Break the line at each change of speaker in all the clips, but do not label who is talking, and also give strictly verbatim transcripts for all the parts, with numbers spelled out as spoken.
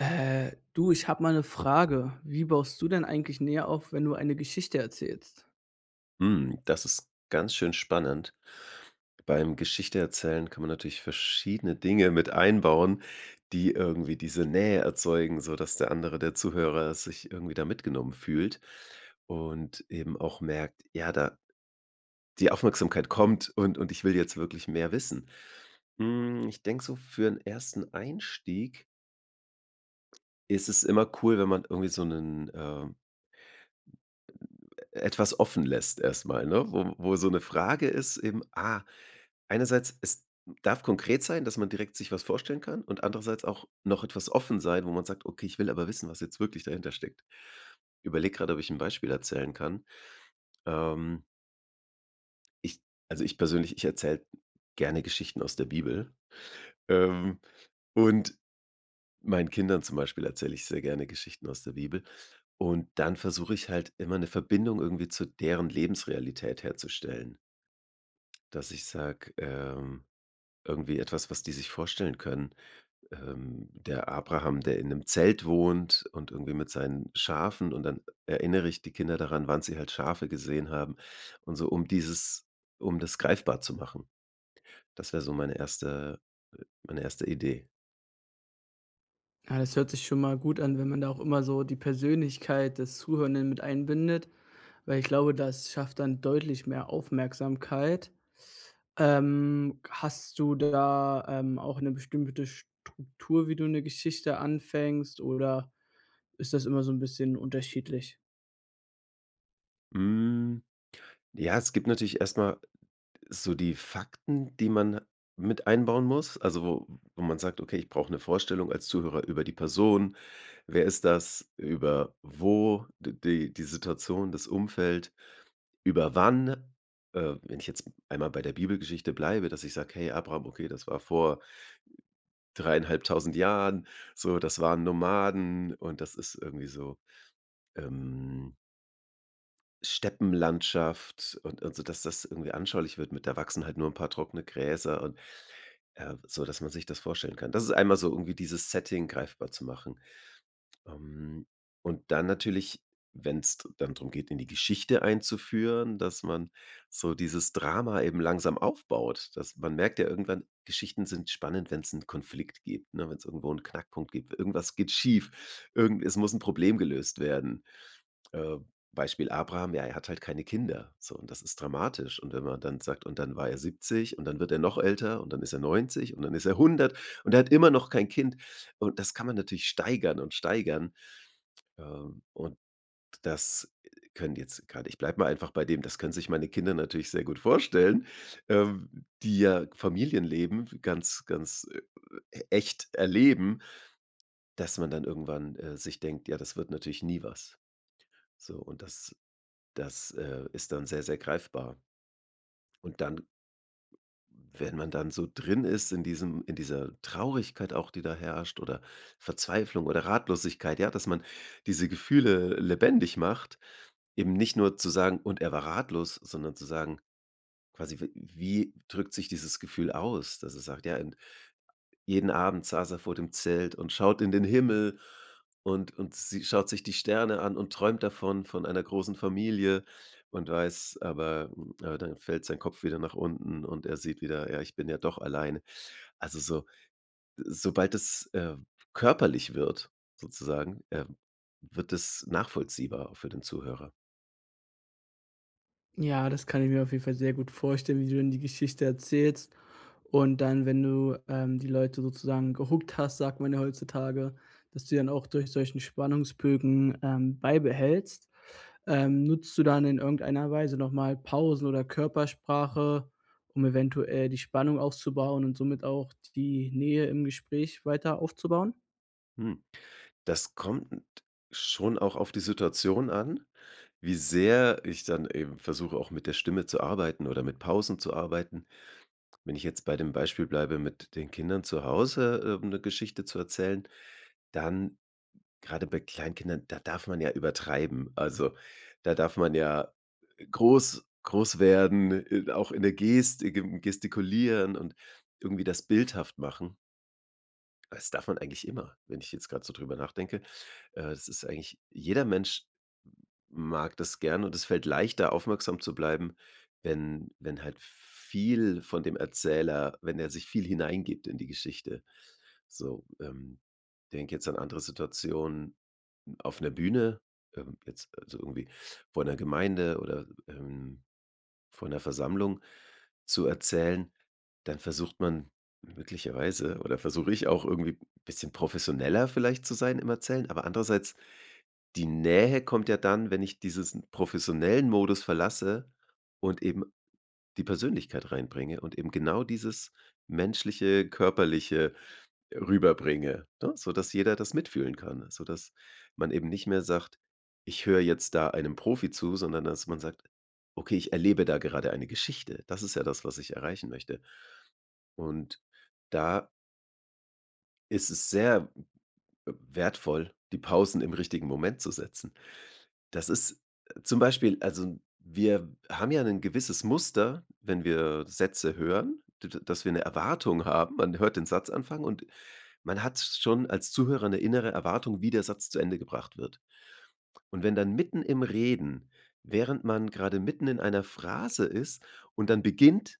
Äh, du, ich hab mal 'ne Frage. Wie baust du denn eigentlich Nähe auf, wenn du eine Geschichte erzählst?
Hm, das ist ganz schön spannend. Beim Geschichte erzählen kann man natürlich verschiedene Dinge mit einbauen, die irgendwie diese Nähe erzeugen, sodass der andere der Zuhörer sich irgendwie da mitgenommen fühlt und eben auch merkt, ja, da die Aufmerksamkeit kommt und und ich will jetzt wirklich mehr wissen. Hm, ich denke so, für 'n ersten Einstieg ist es immer cool, wenn man irgendwie so 'nen, äh etwas offenlässt erst mal, ne? Wo wo so 'ne Frage ist eben ah, einerseits, es darf konkret sein, dass man direkt sich was vorstellen kann, und andererseits auch noch etwas offen sein, wo man sagt: „Okay, ich will aber wissen, was jetzt wirklich dahintersteckt.“ Überlege grad, ob ich 'n Beispiel erzählen kann. Ähm ich also ich persönlich, ich erzähle gerne Geschichten aus der Bibel, ähm, und meinen Kindern zum Beispiel, erzähle ich sehr gerne Geschichten aus der Bibel. Und dann versuche ich halt immer, 'ne Verbindung irgendwie zu deren Lebensrealität herzustellen. Dass ich sage, ähm irgendwie etwas, was die sich vorstellen können, ähm. Der Abraham, der in 'nem Zelt wohnt und irgendwie mit seinen Schafen und dann erinnere ich die Kinder daran, wann sie halt Schafe gesehen haben und so, um dieses um das greifbar zu machen. Das wär so meine erste meine erste Idee.
Ja, das hört sich schon mal gut an, wenn man da auch immer so die Persönlichkeit des Zuhörenden mit einbindet, weil ich glaube, das schafft dann deutlich mehr Aufmerksamkeit. Ähm, hast du da, ähm, auch 'ne bestimmte Struktur, wie du 'ne Geschichte anfängst oder ist das immer so 'n bisschen unterschiedlich?
Hm. Ja, es gibt natürlich erstmal so die Fakten, die man mit einbauen muss, also wo wo man sagt, okay, ich brauch 'ne Vorstellung als Zuhörer über die Person. Wer ist das? Über wo D Die die Situation, das Umfeld. Über wann, äh, wenn ich jetzt einmal bei der Bibelgeschichte bleibe, dass ich sage, hey Abraham, okay, das war vor dreieinhalbtausend Jahren so. Das waren Nomaden, und das ist irgendwie so, ähm Steppenlandschaft und und so, dass das irgendwie anschaulich wird mit da wachsen halt nur 'n paar trockene Gräser und, äh, so dass man sich das vorstellen kann. Das ist einmal so irgendwie dieses Setting greifbar zu machen. Ähm, und dann natürlich, wenn's dann drum geht, in die Geschichte einzuführen, dass man so dieses Drama eben langsam aufbaut, dass man merkt ja irgendwann, Geschichten sind spannend, wenn's 'n Konflikt gibt, ne, wenn's irgendwo 'n Knackpunkt gibt. Irgendwas geht schief. Irgend es muss 'n Problem gelöst werden. Ähm, Beispiel Abraham, ja, er hat halt keine Kinder. So, und das ist dramatisch. Und wenn man dann sagt, und dann war er siebzig, und dann wird er noch älter, und dann ist er neunzig, und dann ist er hundert, und er hat immer noch kein Kind. Und das kann man natürlich steigern und steigern. Ähm, und das können jetzt grade ich bleibe mal einfach bei dem das können sich meine Kinder natürlich sehr gut vorstellen, ähm, die ja Familienleben ganz, ganz echt erleben, dass man dann irgendwann, äh, sich denkt, ja, das wird natürlich nie was. So, und das das, äh, ist dann sehr, sehr greifbar. Und dann wenn man dann so drin ist in diesem in dieser Traurigkeit auch, die da herrscht oder Verzweiflung oder Ratlosigkeit, ja, dass man diese Gefühle lebendig macht, eben nicht nur zu sagen, und er war ratlos, sondern zu sagen quasi, w wie drückt sich dieses Gefühl aus? Dass er sagt, ja und, jeden Abend saß er vor dem Zelt und schaut in den Himmel. Und und sie schaut sich die Sterne an und träumt davon von einer großen Familie und weiß aber aber dann fällt sein Kopf wieder nach unten und er sieht wieder, ja, ich bin ja doch alleine. Also so sobald das, äh, körperlich wird sozusagen, ähm, wird es nachvollziehbar auch für den Zuhörer.
Ja, das kann ich mir auf jeden Fall sehr gut vorstellen, wie du dann die Geschichte erzählst. Und dann, wenn du, ähm, die Leute sozusagen gehookt hast, sagt man ja heutzutage, dass du die dann auch durch solchen Spannungsbögen, ähm, beibehältst, ähm, nutzt du dann in irgendeiner Weise noch mal Pausen oder Körpersprache, um eventuell die Spannung aufzubauen und somit auch die Nähe im Gespräch weiter aufzubauen?
Mhm. Das kommt schon auch auf die Situation an, wie sehr ich dann eben versuche, auch mit der Stimme zu arbeiten oder mit Pausen zu arbeiten. Wenn ich jetzt bei dem Beispiel bleibe, mit den Kindern zu Hause, ähm 'ne Geschichte zu erzählen, dann grade bei Kleinkindern, da darf man ja übertreiben. Also da darf man ja groß groß werden, i auch in der Gestik im Gestikulieren und irgendwie das bildhaft machen. Aber das darf man eigentlich immer, wenn ich jetzt grad so drüber nachdenke. Äh, es ist eigentlich, jeder Mensch mag das gern und es fällt leichter, aufmerksam zu bleiben, wenn wenn halt viel von dem Erzähler, wenn er sich viel hineingibt in die Geschichte so. Ähm, denke jetzt an andere Situationen auf einer Bühne, ähm jetzt also irgendwie vor einer Gemeinde oder, ähm, vor einer Versammlung zu erzählen, dann versucht man möglicherweise oder versuche ich auch irgendwie bisschen professioneller vielleicht zu sein im Erzählen. Aber andererseits, die Nähe kommt ja dann, wenn ich diesen professionellen Modus verlasse und eben die Persönlichkeit reinbringe und eben genau dieses menschliche, körperliche rüberbringe, ne, sodass jeder das mitfühlen kann. So dass man eben nicht mehr sagt, ich höre jetzt da einem Profi zu, sondern dass man sagt, okay, ich erlebe da gerade eine Geschichte. Das ist ja das, was ich erreichen möchte. Und da ist es sehr w wertvoll, die Pausen im richtigen Moment zu setzen. Das ist zum Beispiel, also wir haben ja ein gewisses Muster, wenn wir Sätze hören, d dass wir 'ne Erwartung haben, man hört den Satz anfangen und man hat schon als Zuhörer 'ne innere Erwartung, wie der Satz zu Ende gebracht wird. Und wenn dann mitten im Reden, während man grade mitten in einer Phrase ist und dann beginnt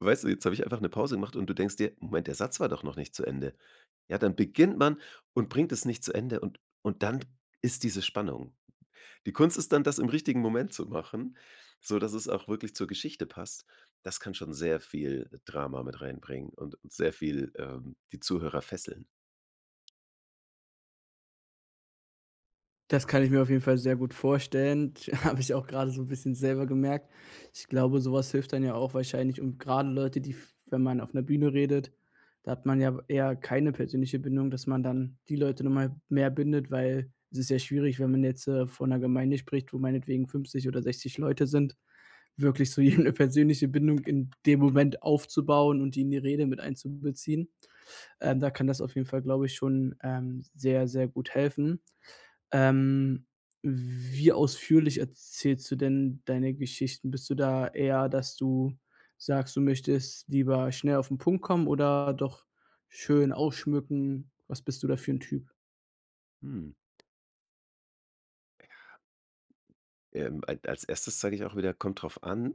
weißt du, jetzt habe ich einfach 'ne Pause gemacht und du denkst dir, Moment, der Satz war doch noch nicht zu Ende. Und dann beginnt man man und bringt es nicht zu Ende und und dann ist diese Spannung. Die Kunst ist dann, das im richtigen Moment zu machen, sodass es auch wirklich zur Geschichte passt. Das kann schon sehr viel Drama mit reinbringen und sehr viel, ähm, die Zuhörer fesseln.
Das kann ich mir auf jeden Fall sehr gut vorstellen. Habe ich auch gerade so 'n bisschen selber gemerkt. Ich glaube, sowas hilft dann ja auch wahrscheinlich und gerade Leute, die f wenn man auf 'ner Bühne redet, da hat man ja eher keine persönliche Bindung, dass man dann die Leute nun mal mehr bindet, weil es ist ja schwierig, wenn man jetzt, äh, vor 'ner Gemeinde spricht, wo meinetwegen fünfzig oder sechzig Leute sind, wirklich zu jedem 'ne persönliche Bindung in dem Moment aufzubauen und die in die Rede mit einzubeziehen. Ähm, da kann das auf jeden Fall, glaube ich, schon, ähm, sehr, sehr gut helfen. Ähm, wie ausführlich erzählst du denn deine Geschichten? Bist du da eher, dass du sagst, du möchtest lieber schnell auf den Punkt kommen oder doch schön ausschmücken? Was bist du da für 'n Typ?
Hm. Ja. Ähm, al als Erstes sage ich auch wieder: „Kommt drauf an.“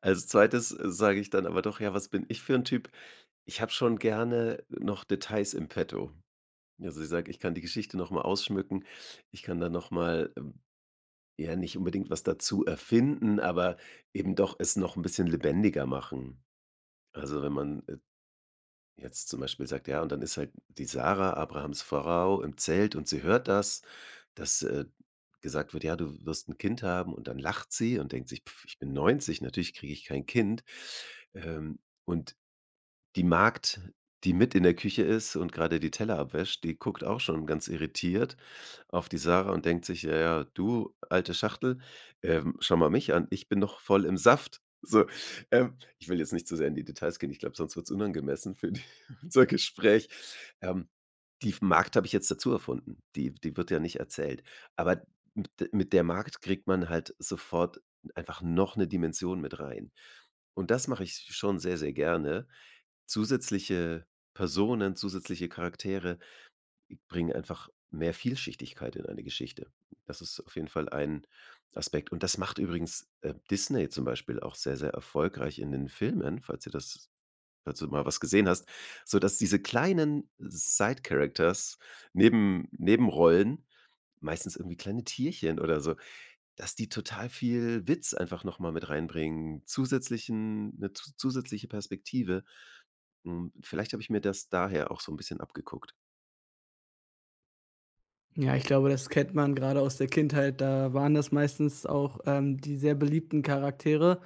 Als Zweites sage ich dann aber doch: „Ja, was bin ich für 'n Typ?“ Ich habe schon gerne noch Details in Petto. Ja, also ich sage: „Ich kann die Geschichte noch mal ausschmücken.“ Ich kann da noch mal ja, nicht unbedingt was dazu erfinden, aber eben doch es noch 'n bisschen lebendiger machen. Also, wenn man, äh, jetzt zum Beispiel sagt: „Ja, und dann ist halt die Sarah, Abrahams Frau, im Zelt und sie hört das, dass, äh, gesagt wird: Ja, du wirst 'n Kind haben. Und dann lacht sie und denkt sich: ‚Pff, ich bin neunzig, natürlich kriege ich kein Kind.‘ Ähm, und die Magd, die mit in der Küche ist und grade die Teller abwäscht, die guckt auch schon ganz irritiert auf die Sarah und denkt sich: ‚Ja, ja, du alte Schachtel, ähm, schau mal mich an, ich bin noch voll im Saft.‘“ So, ähm, ich will jetzt nicht zu sehr in die Details gehen. Ich glaube, sonst wird's unangemessen für die unser Gespräch. Ähm, die F Magd habe ich jetzt dazu erfunden. Die die wird ja nicht erzählt. Aber mit de mit der Magd kriegt man halt sofort einfach noch 'ne Dimension mit rein. Und das mache ich schon sehr, sehr gerne. Zusätzliche Personen, zusätzliche Charaktere bringen einfach mehr Vielschichtigkeit in eine Geschichte. Das ist auf jeden Fall ein Aspekt und das macht übrigens, äh, Disney zum Beispiel auch sehr, sehr erfolgreich in den Filmen, falls dir das falls du mal was gesehen hast, sodass diese kleinen side characters Neben Nebenrollen, meistens irgendwie kleine Tierchen oder so dass die total viel Witz einfach noch mal mit reinbringen, zusätzlichen 'n 'ne zusätzliche Perspektive. Hm, vielleicht habe ich mir das daher auch so 'n bisschen abgeguckt.
Ja, ich glaube, das kennt man gerade aus der Kindheit, da waren das meistens auch, ähm, die sehr beliebten Charaktere.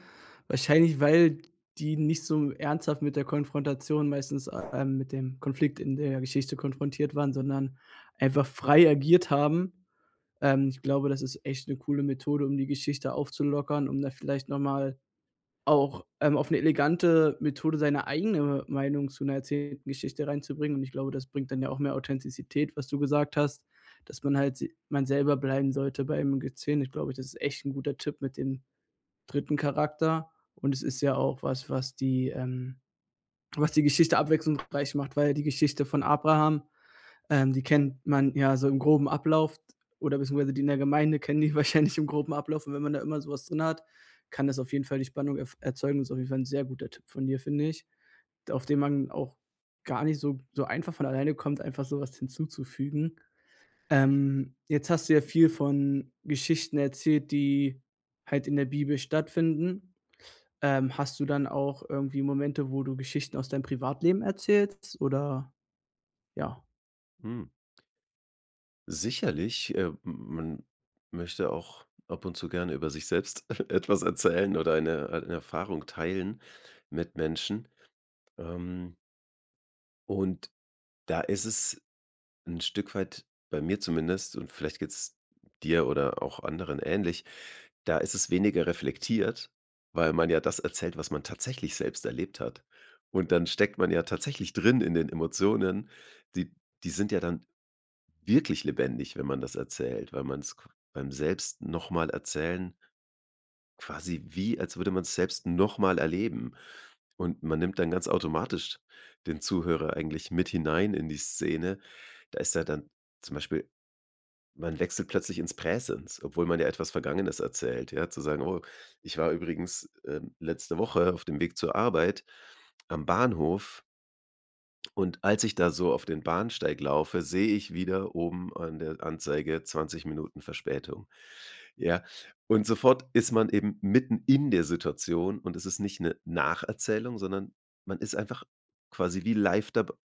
Wahrscheinlich, weil die nicht so ernsthaft mit der Konfrontation, meistens, ähm mit dem Konflikt in der Geschichte konfrontiert waren, sondern einfach frei agiert haben. Ähm, ich glaube, das ist echt 'ne coole Methode, um die Geschichte aufzulockern, um da vielleicht noch mal auch, ähm, auf 'ne elegante Methode seine eigene Meinung zu 'ner erzählten Geschichte reinzubringen. Und ich glaube, das bringt dann ja auch mehr Authentizität, was du gesagt hast, dass man halt se man selber bleiben sollte beim [unintelligible] Ich glaube, das ist echt 'n guter Tipp mit dem dritten Charakter und es ist ja auch was was die, ähm was die Geschichte abwechslungsreich macht, weil die Geschichte von Abraham, ähm, die kennt man ja so im groben Ablauf d oder beziehungsweise die in der Gemeinde kennen die wahrscheinlich im groben Ablauf und wenn man da immer so was drin hat, kann das auf jeden Fall die Spannung ef erzeugen. Das ist auf jeden Fall 'n sehr guter Tipp von dir, finde ich. D auf den man auch gar nicht so so einfach von alleine kommt, einfach so was hinzuzufügen. Ähm, jetzt hast du ja viel von Geschichten erzählt, die halt in der Bibel stattfinden. Ähm, hast du dann auch irgendwie Momente, wo du Geschichten aus deinem Privatleben erzählst oder ja.
Hm. Sicherlich, äh, man möchte auch ab und zu gerne über sich selbst, etwas erzählen oder eine eine Erfahrung teilen, mit Menschen. Ähm. Und da ist es 'n Stück weit bei mir zumindest und vielleicht geht's dir oder auch anderen ähnlich. Da ist es weniger reflektiert, weil man ja das erzählt, was man tatsächlich selbst erlebt hat. Und dann steckt man ja tatsächlich drin in den Emotionen. Die die sind ja dann wirklich lebendig, wenn man das erzählt, weil man's qu beim Selbst-noch-mal-erzählen quasi wie, als würde man's selbst nochmal erleben. Und man nimmt dann ganz automatisch den Zuhörer eigentlich mit hinein in die Szene. Da ist ja dann zum Beispiel, man wechselt plötzlich ins Präsens, obwohl man ja etwas Vergangenes erzählt, ja? Zu sagen: „Oh, ich war übrigens, ähm, letzte Woche auf dem Weg zur Arbeit am Bahnhof“ „Und als ich da so auf den Bahnsteig laufe, sehe ich wieder oben an der Anzeige zwanzig Minuten Verspätung.“ Ja? Und sofort ist man eben mitten in der Situation, und es ist nicht 'ne Nacherzählung, sondern man ist einfach quasi wie live dabei.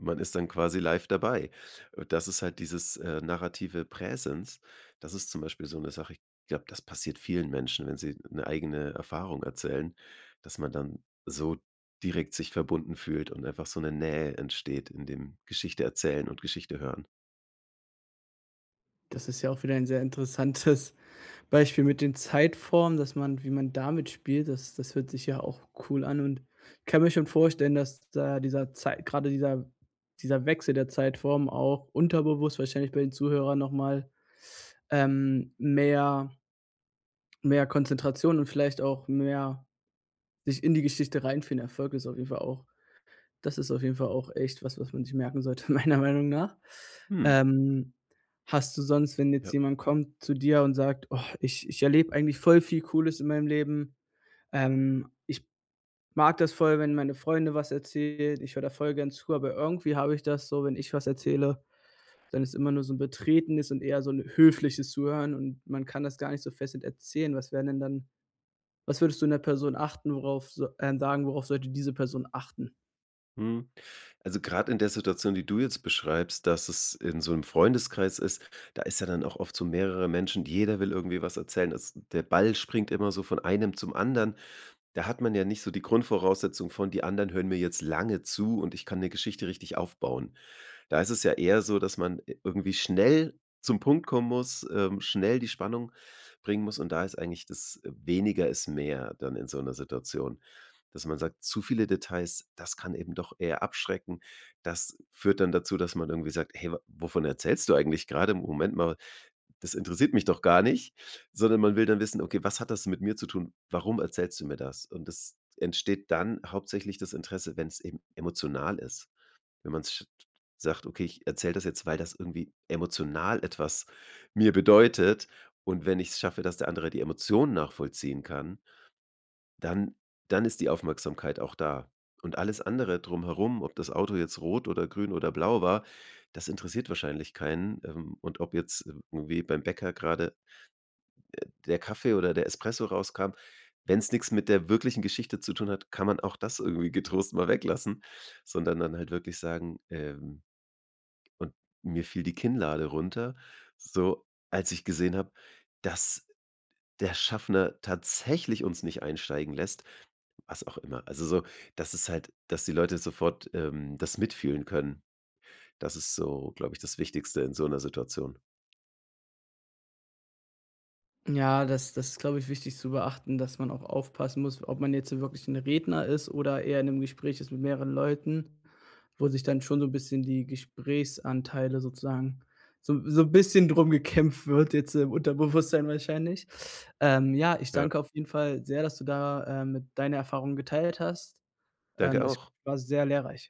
Man ist dann quasi live dabei. Und das ist halt dieses, äh, narrative Präsens. Das ist zum Beispiel so 'ne Sache ich glaube, das passiert vielen Menschen, wenn sie 'ne eigene Erfahrung erzählen, dass man dann so direkt sich verbunden fühlt und einfach so 'ne Nähe entsteht, in dem Geschichteerzählen und Geschichtehören.
Das ist ja auch wieder ein sehr interessantes Beispiel mit den Zeitformen, dass man wie man damit spielt, das das hört sich ja auch cool an, und ich kann mir schon vorstellen, dass da dieser Zeit gerade dieser dieser Wechsel der Zeitform auch unterbewusst wahrscheinlich bei den Zuhörern noch mal, ähm, mehr mehr Konzentration und vielleicht auch mehr sich-in-die-Geschichte-reinfinden [unintelligible] ist auf jeden Fall auch das ist auf jeden Fall auch echt was, was man sich merken sollte, meiner Meinung nach.
Hm.
Ähm, hast du sonst, wenn jetzt
Ja.
jemand kommt, zu dir und sagt: „Oh, ich ich erlebe eigentlich voll viel cooles in meinem Leben? Ähm, ich mag das voll, wenn meine Freunde was erzählen. Ich höre da voll gern zu, aber irgendwie habe ich das so, wenn ich was erzähle, dann ist immer nur so 'n betretenes und eher so 'n höfliches Zuhören und man kann das gar nicht so fesselnd erzählen.“ Was wären denn dann was würdest du 'ner Person achten, worauf s ähm, sagen, worauf sollte diese Person achten?
Mhm. Also grad in der Situation, die du jetzt beschreibst, dass es in so 'nem Freundeskreis ist da ist ja dann auch oft so mehrere Menschen, jeder will irgendwie was erzählen. Es der Ball springt immer so von einem zum anderen. Da hat man ja nicht so die Grundvoraussetzung von: „Die anderen hören mir jetzt lange zu und ich kann 'ne Geschichte richtig aufbauen.“ Da ist es ja eher so, dass man i irgendwie schnell zum Punkt kommen muss, ähm, schnell die Spannung bringen muss. Und da ist eigentlich das weniger ist mehr dann in so 'ner Situation, dass man sagt: „Zu viele Details, das kann eben doch eher abschrecken.“ Das führt dann dazu, dass man irgendwie sagt: „Hey, wa wovon erzählst du eigentlich grade im Moment mal. Das interessiert mich doch gar nicht.“ Sondern man will dann wissen: „Okay, was hat das mit mir zu tun? Warum erzählst du mir das?“ Und es entsteht dann hauptsächlich das Interesse, wenn's eben emotional ist. Wenn man's sch sagt: „Okay ich erzähle das jetzt, weil das irgendwie emotional etwas mir bedeutet. Und wenn ich's schaffe, dass der andere die Emotionen nachvollziehen kann, dann dann ist die Aufmerksamkeit auch da.“ Und alles andere drumherum, ob das Auto jetzt rot oder grün oder blau war, das interessiert wahrscheinlich keinen. Ähm, und ob jetzt irgendwie beim Bäcker grade, äh, der Kaffee oder der Espresso rauskam wenn's nix mit der wirklichen Geschichte zu tun hat, kann man auch das irgendwie getrost mal weglassen. Sondern dann halt wirklich sagen: „Ähm, und mir fiel die Kinnlade runter, so als ich gesehen habe, dass der Schaffner tatsächlich uns nicht einsteigen lässt,“ was auch immer. Also so dass es halt dass die Leute sofort, ähm, das mitfühlen können. Das ist so, glaube ich, das Wichtigste in so 'ner Situation.
Ja, das das ist, glaube ich, wichtig zu beachten, dass man auch aufpassen muss, ob man jetzt so wirklich 'n Redner ist oder eher in 'nem Gespräch ist mit mehreren Leuten, wo sich dann schon so 'n bisschen die Gesprächsanteile sozusagen so 'n so 'n bisschen drum gekämpft wird, jetzt im Unterbewusstsein wahrscheinlich. Ähm, ja, ich
Ja.
danke auf jeden Fall sehr, dass du da, äh, mit deine Erfahrungen geteilt hast.
Danke
Ähm,
dir
es
auch.
war sehr lehrreich.